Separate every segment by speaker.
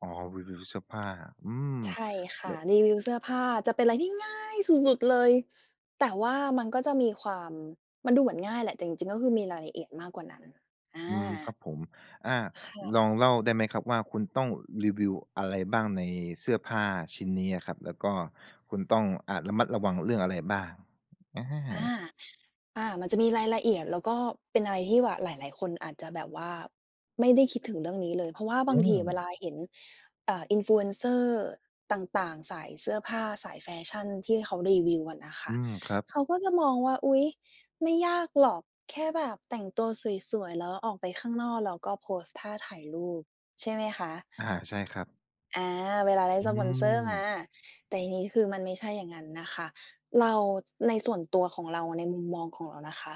Speaker 1: อ๋อ รีวิวเสื้อผ้า อืม
Speaker 2: ใช่ค
Speaker 1: แ
Speaker 2: ่
Speaker 1: บ
Speaker 2: ะ
Speaker 1: บ
Speaker 2: รีวิวเสื้อผ้าจะเป็นอะไรที่ง่ายสุด ๆ เลย แต่ว่ามันก็จะมีความ มันดูเหมือนง่ายแหละ แต่จริง ๆ แล้วมันมีรายละเอียดมากกว่านั้น อ
Speaker 1: อืม ค
Speaker 2: า
Speaker 1: รับผม อา
Speaker 2: ค่
Speaker 1: ลอ
Speaker 2: ะ
Speaker 1: งเล่าได้ไหมครับว่า คุณต้องรีวิวอะไรบ้างในเสื้อผ้าชิ้นนี้อะครับ แล้วก็คุณต้อง อ่า ระมัดระวังเรื่องอะไรบ้าง? อ
Speaker 2: อา
Speaker 1: า
Speaker 2: อา มันจะมีรายละเอียด แล้วก็เป็นอะไรที่แบบหลาย ๆ คนอาจจะแบบว่าไม่ได้คิดถึงเรื่องนี้เลย เพราะว่าบ
Speaker 1: อื
Speaker 2: างทีอะเวลา
Speaker 1: ม
Speaker 2: เห็น อ่า Influencer ต่าง ๆ สายเสื้อผ้า สายแฟชั่นที่เขารีวิวอะน่ะค่
Speaker 1: อื
Speaker 2: ะ
Speaker 1: ม ครับ
Speaker 2: เขาก็จะมองว่า อุ๊ย ไม่ยากหรอก แค่แบบแต่งตัวสวย ๆ แล้วออกไปข้างนอก แล้วก็โพสต์ท่าถ่ายรูปใช่ไหมคะ?
Speaker 1: อ่า ใช่ครับ
Speaker 2: อา เวลาได้
Speaker 1: อื
Speaker 2: สปอนเซอร์มา
Speaker 1: ม
Speaker 2: แต่ทีนี้คือมันไม่ใช่อย่างงั้นน่ะค่ะ เรา ในส่วนตัวของเรา ในมุมมองของเรานะคะ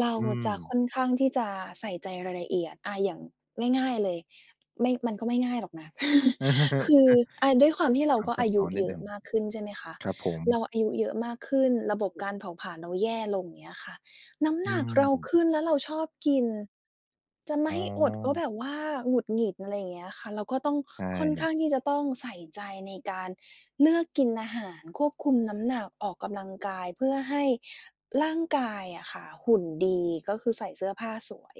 Speaker 2: เรา
Speaker 1: อื
Speaker 2: จะ
Speaker 1: ม
Speaker 2: ค่อนข้างที่จะใส่ใจรายละเอียด อ่า อย่างง่าย ๆ เลย ไม่ มันก็ไม่ง่ายหรอกนะ
Speaker 1: เออ
Speaker 2: คือ อ่า ด้วยความที่เรา
Speaker 1: ความ
Speaker 2: ก็
Speaker 1: ซั
Speaker 2: อ
Speaker 1: บ
Speaker 2: าย
Speaker 1: ซ้
Speaker 2: ุ
Speaker 1: อนนิ
Speaker 2: เย
Speaker 1: ด
Speaker 2: อ
Speaker 1: หน
Speaker 2: ะ
Speaker 1: ึ่ง
Speaker 2: มากขึ้น ใช่ไหมคะ
Speaker 1: ครับผ
Speaker 2: เร
Speaker 1: ม
Speaker 2: าอายุเยอะมากขึ้น ระบบการเผาผลาญเราแย่ลง อย่างเงี้ยค่ะ น้ำ
Speaker 1: อื
Speaker 2: หนักเรา
Speaker 1: ม
Speaker 2: ขึ้นแล้วเราชอบกิน จะไม่
Speaker 1: อ๋
Speaker 2: ให้อดก็แ
Speaker 1: อ
Speaker 2: บบว่าหงุดหงิด อะไรอย่างเงี้ยค่ะ เราก็ต้อง
Speaker 1: ใช
Speaker 2: ค่อนข้
Speaker 1: ่
Speaker 2: างที่จะต้องใส่ใจในการเลือกกินอาหาร ควบคุมน้ำหนัก ออกกำลังกาย เพื่อให้ร่างกายอะค่ะหุ่นดี ก็คือใส่เสื้อผ้าสวย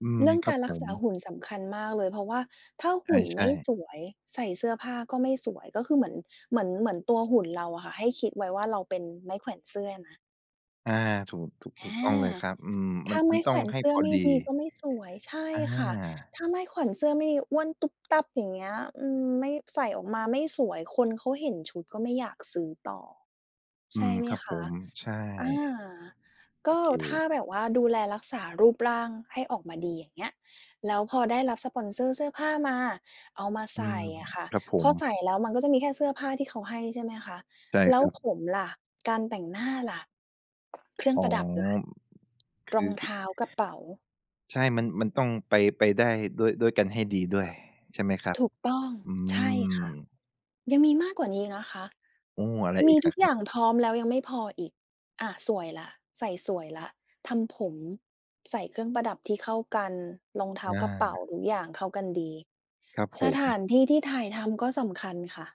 Speaker 1: อืม
Speaker 2: เรื่อง
Speaker 1: คร
Speaker 2: ก
Speaker 1: ั
Speaker 2: า
Speaker 1: บ
Speaker 2: รร
Speaker 1: ผ
Speaker 2: ักษ
Speaker 1: ม
Speaker 2: าหุ่นสำคัญมากเลย เพราะว่าถ้า
Speaker 1: ใ
Speaker 2: หุ่น
Speaker 1: ช
Speaker 2: ไม
Speaker 1: ่
Speaker 2: ่
Speaker 1: ๆ
Speaker 2: สวยใส่เสื้อผ้าก็ไม่สวย ก็คือเหมือน เหมือน เหมือนตัวหุ่นเราอะค่ะ ให้คิดไว้ว่า เราเป็นไม้แขวนเสื้อนะ
Speaker 1: อา ถูก ถูก
Speaker 2: อ
Speaker 1: ถู
Speaker 2: า
Speaker 1: กต้องเลยครับ อืม
Speaker 2: ถ
Speaker 1: มั
Speaker 2: ้า
Speaker 1: น
Speaker 2: ไ
Speaker 1: ม
Speaker 2: ม
Speaker 1: ั
Speaker 2: ้
Speaker 1: น
Speaker 2: แ
Speaker 1: ต้
Speaker 2: ข
Speaker 1: อ
Speaker 2: ว
Speaker 1: ง
Speaker 2: น
Speaker 1: ให้
Speaker 2: เสื้
Speaker 1: พ
Speaker 2: อ
Speaker 1: อ
Speaker 2: ไม่
Speaker 1: ดี
Speaker 2: ดีก็ไม่สวย ใช่
Speaker 1: อ
Speaker 2: ค่ะ
Speaker 1: า
Speaker 2: ถ้าไม้แขวนเสื้อไม่ดี อ้วนตุ้บตั้บอย่างเงี้ย อืม ไม่ ใส่ออกมาไม่สวย คนเขาเห็นชุดก็ไม่อยากซื้อต่อ
Speaker 1: อ
Speaker 2: ใ
Speaker 1: ื
Speaker 2: ช่
Speaker 1: ม
Speaker 2: ไหม
Speaker 1: ครับ
Speaker 2: ค
Speaker 1: ผ
Speaker 2: ะ
Speaker 1: ม ใช่
Speaker 2: อา
Speaker 1: โ
Speaker 2: ก
Speaker 1: อ
Speaker 2: ็
Speaker 1: เค
Speaker 2: ถ้าแบบว่าดูแลรักษารูปร่างให้ออกมาดี อย่างเงี้ย แล้วพอได้รับสปอนเซอร์เสื้อผ้ามา เอามา
Speaker 1: อ
Speaker 2: ใ
Speaker 1: ื
Speaker 2: ส่
Speaker 1: ม
Speaker 2: อะค่ะ
Speaker 1: ครับผ
Speaker 2: พอ
Speaker 1: ม
Speaker 2: ใส่แล้วมันก็จะมีแค่เสื้อผ้าที่เขาให้ ใช่ไหมคะ
Speaker 1: ใช่
Speaker 2: แล
Speaker 1: ค
Speaker 2: ้ว
Speaker 1: รับ
Speaker 2: ผมล่ะ การแต่งหน้าล่ะ เครื่อ
Speaker 1: อ
Speaker 2: ง
Speaker 1: ๋อ
Speaker 2: ประดับล่ะ
Speaker 1: ค
Speaker 2: ร
Speaker 1: ื
Speaker 2: อง เท
Speaker 1: อ
Speaker 2: ้า กระเป๋า
Speaker 1: ใช่ มัน มันต้องไป ไปได้ด้วย ด้วยกันให้ดีด้วย ใช่ไหมครับ?
Speaker 2: ถูกต้อง
Speaker 1: อื
Speaker 2: ใช่
Speaker 1: ม
Speaker 2: ค่ะ ยังมีมากกว่านี้นะคะ
Speaker 1: โอ้ อะไร
Speaker 2: ม
Speaker 1: อ
Speaker 2: ี
Speaker 1: ีก
Speaker 2: ท
Speaker 1: อ
Speaker 2: ุ
Speaker 1: ะ
Speaker 2: ก
Speaker 1: ค
Speaker 2: อ
Speaker 1: รั
Speaker 2: ย
Speaker 1: บ?
Speaker 2: ่างพร้อมแล้วยังไม่พออีก อา สวยแล้ว ใส่สวยแล้ว ทำผม ใส่เครื่องประดับที่เข้ากัน รองเท้า
Speaker 1: อ
Speaker 2: กระเป๋า
Speaker 1: า
Speaker 2: ทุกอย่างเข้ากันดี
Speaker 1: ครับผ
Speaker 2: สถ
Speaker 1: ม
Speaker 2: านที่ที่ถ่ายทำก็สำคัญค่ะ